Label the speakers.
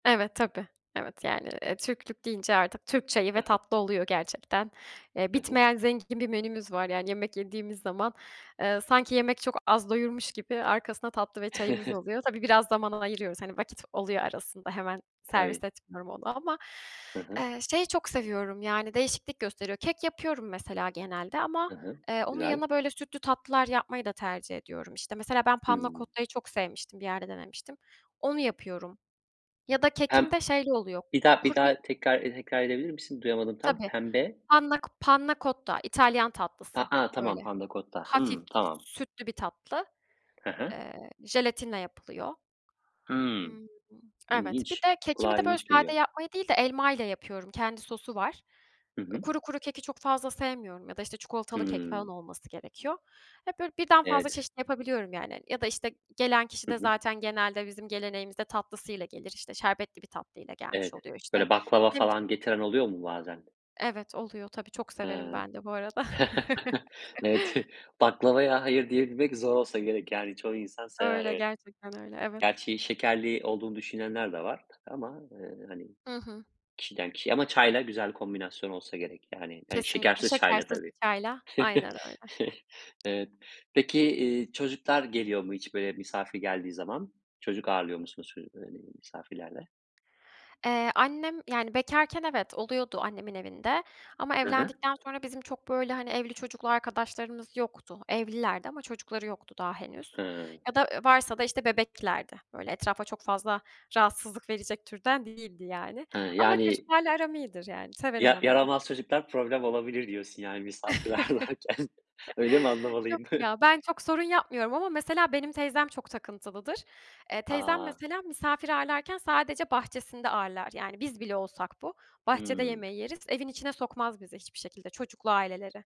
Speaker 1: Evet, tabii. Evet, yani, eee, Türklük deyince artık Türk çayı ve
Speaker 2: [unintelligible]
Speaker 1: tatlı oluyor gerçekten. Eee,
Speaker 2: Hı hı.
Speaker 1: bitmeyen zengin bir menümüz var. Yani, yemek yediğimiz zaman, eee, sanki yemek çok az doyurmuş gibi arkasına tatlı ve çayımız oluyor. Tabii, biraz zaman ayırıyoruz, hani, vakit oluyor arasında hemen
Speaker 2: Tabii.
Speaker 1: servis etmiyorum onu ama,
Speaker 2: Hı hı.
Speaker 1: eee, şeyi çok seviyorum Yani, değişiklik gösteriyor. Kek yapıyorum mesela genelde ama,
Speaker 2: Hı hı.
Speaker 1: eee, onun
Speaker 2: Güzel.
Speaker 1: yanına, böyle, sütlü tatlılar yapmayı da tercih ediyorum. İşte, mesela ben Panna
Speaker 2: Hımm.
Speaker 1: Cotta'yı çok sevmiştim, bir yerde denemiştim. Onu yapıyorum ya da
Speaker 2: Pem
Speaker 1: kekimde şeyli oluyor:
Speaker 2: Bir daha bir
Speaker 1: Kuru bir
Speaker 2: daha tekrar ede tekrar edebilir misin? Duyamadım tam.
Speaker 1: Tabii.
Speaker 2: Pembe?
Speaker 1: Panna Co Panna Cotta İtalyan
Speaker 2: A
Speaker 1: tatlısı
Speaker 2: a!
Speaker 1: böyle.
Speaker 2: Tamam. Panna cotta.
Speaker 1: Hafif
Speaker 2: Hımm. Tamam.
Speaker 1: sütlü bir tatlı.
Speaker 2: He he.
Speaker 1: Eee, jelatinle yapılıyor.
Speaker 2: Hımm.
Speaker 1: Imm, evet, bir
Speaker 2: İlginç.
Speaker 1: de kekimi
Speaker 2: Kulağa
Speaker 1: de, böyle,
Speaker 2: ilginç
Speaker 1: sade
Speaker 2: geliyor.
Speaker 1: yapmayı değil de elmayla yapıyorum, kendi sosu var.
Speaker 2: Hı
Speaker 1: Eee,
Speaker 2: hı.
Speaker 1: kuru kuru keki çok fazla sevmiyorum ya da, işte, çikolatalı kek falan
Speaker 2: Hımm.
Speaker 1: olması gerekiyor. Hep böyle birden fazla
Speaker 2: Evet.
Speaker 1: çeşit yapabiliyorum yani hani. Ya da, işte, gelen kişi
Speaker 2: Hı
Speaker 1: de
Speaker 2: hı.
Speaker 1: zaten genelde bizim geleneğimizde tatlısıyla gelir. İşte, şerbetli bir tatlıyla gelmiş
Speaker 2: Evet,
Speaker 1: oluyor, işte
Speaker 2: böyle, baklava
Speaker 1: [unintelligible]
Speaker 2: falan getiren oluyor mu bazen?
Speaker 1: Evet, oluyor. Tabii, çok severim
Speaker 2: He.
Speaker 1: ben de bu arada.
Speaker 2: Evet, baklavaya "hayır" diyebilmek zor olsa gerek yani. Çoğu insan sever,
Speaker 1: Öyle,
Speaker 2: evet.
Speaker 1: gerçekten öyle. Evet.
Speaker 2: Gerçi şekerli olduğunu düşünenler de var ama, eee, hani,
Speaker 1: Hı hı.
Speaker 2: kişiden kişiye ama çayla güzel kombinasyon olsa gerek yani. İii,
Speaker 1: Kesinlikle.
Speaker 2: şekersiz çayla,
Speaker 1: Şekersiz bir
Speaker 2: tabii.
Speaker 1: çayla Aynen öyle.
Speaker 2: Evet. Peki, iii, çocuklar geliyor mu hiç, böyle, misafir geldiği zaman? Çocuk ağırlıyor musunuz, [unintelligible] hani, misafirlerde?
Speaker 1: Eee, annem Yani, bekarken, evet, oluyordu annemin evinde ama
Speaker 2: Hı hı.
Speaker 1: evlendikten sonra bizim çok, böyle, hani, evli çocuklu arkadaşlarımız yoktu. Evlilerdi ama çocukları yoktu daha henüz
Speaker 2: Hıı.
Speaker 1: ya da, ııı, varsa da, işte, bebeklerdi. Böyle, etrafa çok fazla rahatsızlık verecek türden değildi yani.
Speaker 2: Hıı,
Speaker 1: Ama
Speaker 2: yani
Speaker 1: çocuklarla aram iyidir, yani severim
Speaker 2: "Ya
Speaker 1: onları.
Speaker 2: yaramaz çocuklar problem olabilir." diyorsun yani misafirler varken. Öyle mi
Speaker 1: Yok
Speaker 2: anlamalıyım?
Speaker 1: ya! Ben çok sorun yapmıyorum ama mesela benim teyzem çok takıntılıdır. Eee, teyzem
Speaker 2: A!
Speaker 1: mesela misafir ağırlarken sadece bahçesinde ağırlar. Yani biz bile olsak bu; bahçede
Speaker 2: Hımm.
Speaker 1: yemeği yeriz. Evin içine sokmaz bizi hiçbir şekilde. Çocuklu aileleri.